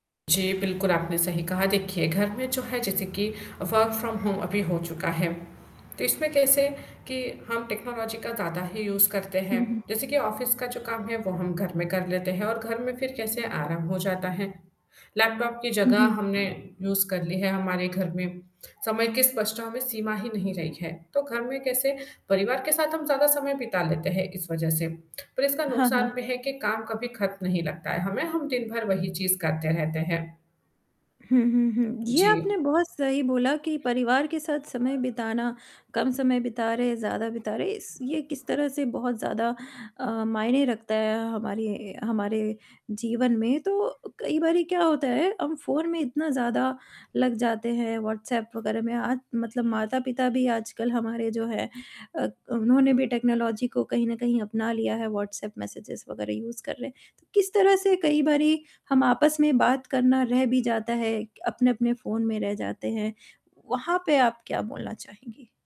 जी, बिल्कुल आपने सही कहा, देखिए घर में जो है जैसे कि वर्क फ्रॉम होम अभी हो चुका है, तो इसमें कैसे कि हम टेक्नोलॉजी का ज़्यादा ही यूज़ करते हैं, हुँ, हुँ। जैसे कि ऑफिस का जो काम है वो हम घर में कर लेते हैं और घर में फिर कैसे आराम हो जाता है। लैपटॉप की हुँ, जगह हुँ। हमने यूज़ कर ली है हमारे घर में, समय की स्पष्टताओं में सीमा ही नहीं रही है, तो घर में कैसे परिवार के साथ हम ज़्यादा समय बिता लेते हैं इस वजह से, पर इसका हाँ, नुकसान हाँ। भी है कि काम कभी खत्म नहीं लगता है हमें, हम दिन भर वही चीज़ करते रहते हैं। हुँ, हुँ, हुँ, ये आपने जी। बहुत सही बोला कि परिवार के साथ समय बिताना, कम समय बिता रहे हैं, ज़्यादा बिता रहे, इस ये किस तरह से बहुत ज़्यादा अ, मायने रखता है हमारे हमारे जीवन में, तो कई बारी क्या होता है, हम फ़ोन में इतना ज़्यादा लग जाते हैं, व्हाट्सएप वगैरह में आज मतलब माता-पिता भी आजकल हमारे जो हैं अ, क उन्होंने भी टेक्नोलॉजी को कहीं न कहीं अपना लिया है, व्हाट्सऐप मेसेज वगैरह यूज़ कर रहे हैं। तो किस तरह से कई बारी हम आपस में बात करना रह भी जाता है, क अपने-अपने फ़ोन में रह जाते हैं, वहाँ पे आप क्या बोलना चाहेंगी?